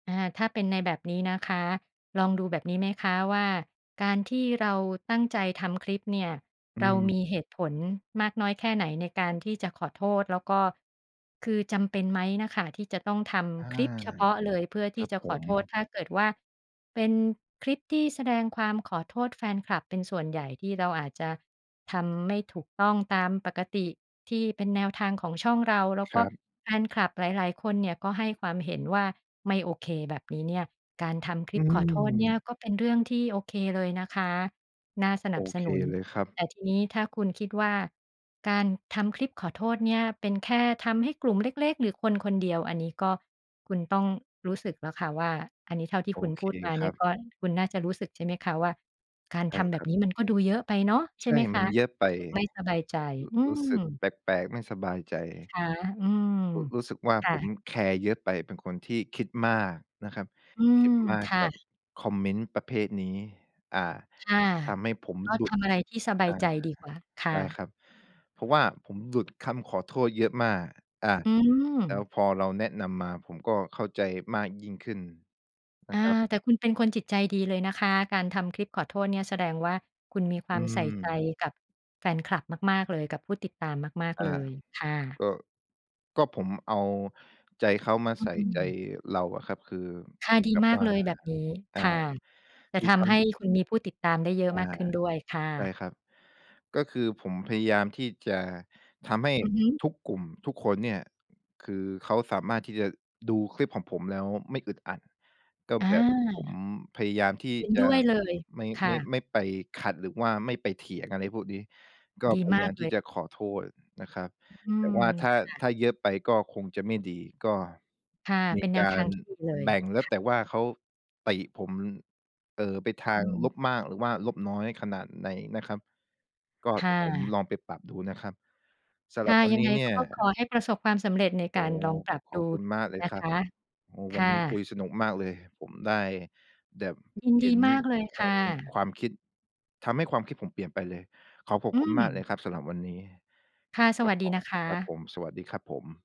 อา ถ้าเป็นในแบบนี้นะคะ ลองดูแบบนี้ไหมคะว่า การที่เราตั้งใจทำคลิปเนี่ย อืเรามม ีเหตุผลมากน้อยแค่ไหน ในการที่จะขอโทษ แล้วก็ คือจำเป็นไหมน่ะค่ะ ที่จะต้องทอา ำคลิปเฉพาะเลย เพื่อทคีรั่บจะผขอม โทษ ถ้าเกิดว่าเป็นคลิปที่แสดงความขอโทษแฟนคลับเป็นส่วนใหญ่ ที่เราอาจจะทำไม่ถูกต้องตามปกติ ที่เป็นแนวทางของช่องเรา แล้วคกร็ับ แฟนคลับหลาย ๆ คนเนี่ย ก็ให้ความเห็นว่าไม่โอเค แบบนี้เนี่ย การทำคลอิืป ขอโทษเนี่ม ย ก็เป็นเรื่องที่โอเคเลยนะคะ น่าสนโัอบสเคนุน เลยครับ แต่ทีนี้ถ้าคุณคิดว่า การทำคลิปขอโทษเนี่ยเป็นแค่ทำให้กลุ่มเล็ก ๆ หรือคน ๆ เดียว อันนี้ก็คุณต้องรู้สึกแล้วค่ะว่า อันนี้เท่าที่โอคุณเคพูดมาคเนีรั่ยบ ก็ คุณน่าจะรู้สึกใช่ไหมคะว่า การใชท่ำแบครบับ นี้มันก็ดูเยอะไปเนาะ ใชใช่่ ไหมคมันะ? เยอะไป รร ู้สึกไม่สบายใจ อืรู้สึกม แปลก ๆ ไม่สบายใจ ใชไหมคะ? อืม ร รู้สึกว่าค่ผะ มแคร์เยอะไป เป็นคนที่คิดมากนะครับ อืคม ิดมาคก่ะ กับคอมเมนต์ประเภทนี้ อ่า ค่ะ ทำให้ผมก็หลทุด ำอะไรที่สบาอย่า ใจดีกว่าคไ่ด้ะ ครับ เพราะว่าผมหลุดคำขอโทษเยอะมาก อ่า อืแล้วม พอเราแนะนำมาผมก็เข้าใจมากยิ่งขึ้นนอะ่า ครับ แต่คุณเป็นคนจิตใจดีเลยนะคะ การทำคลิปขอโทษเนี่ยแสดงว่า คุณมีควอืามใส่ใจม กับแฟนคลับมาก ๆ เลย กับผู้ติดตามมาก อา ๆ เลยค่ะ ก็ ก็ผมเอาใจเขามาอืใสอ ่อืใจม เราอะครับ คือค่ะ ดีแบบมากว่า เลยแบบนี้ อ่า ค่ะ จคะือททำให้ำ คุณมีผู้ติดตามได้เยอะอา มากขึ้นด้วยค่ใช่ะ ครับ ก็คือผมพยายามที่จะทำให้อือฮึ ทุกกลุ่ม ทุกคนเนี่ย คือเขาสามารถที่จะดูคลิปของผมแล้วไม่อึดอัด ก็แบบผมอา พยายามที่เห็นจดะ้วยเลย ไม่ คไ่ม่ ะ ไม่ไปขัดหรือว่าไม่ไปเถียง อะไรพวกนี้ ก็ดีพยมายาากมเทลี่ย จะขอโทษนะครับ อืแต่ม ว่าถ้า ค่ะ ถ้าเยอะไปก็คงจะไม่ดี ก็ ค่ะ มเีป็นแนกวทาางรที่ดีเลยแบ่งแล้คว ่ะ แต่ว่าเขาติผม เอ่อ ไปทอาืงม ลบมากหรือว่าลบน้อยขนาดไหนนะครับ ก็คเด่ี๋ยวผมะ ลองไปปรับดูนะครับ สำคหร่ับะ วัยนังนไีง้เนีก่็ย ขอให้ประสบความสำเร็จในโกอ้ ารลองปรับขดอูบคุณมากเลยนะคครับ ะ โอ้ ควั่นนี้คุะ ยสนุกมากเลย ผมได้แบบยินเดห็ีนมากเลยคควา่ม ะ ความคิด ทำให้ความคิดผมเปลี่ยนไปเลย ขอขอบอืคุณมากเลม ยครับสำหรับวันนี้ ค่ะ สครวัับสดผีนม ะคครับผะ ม สวัสดีครับผม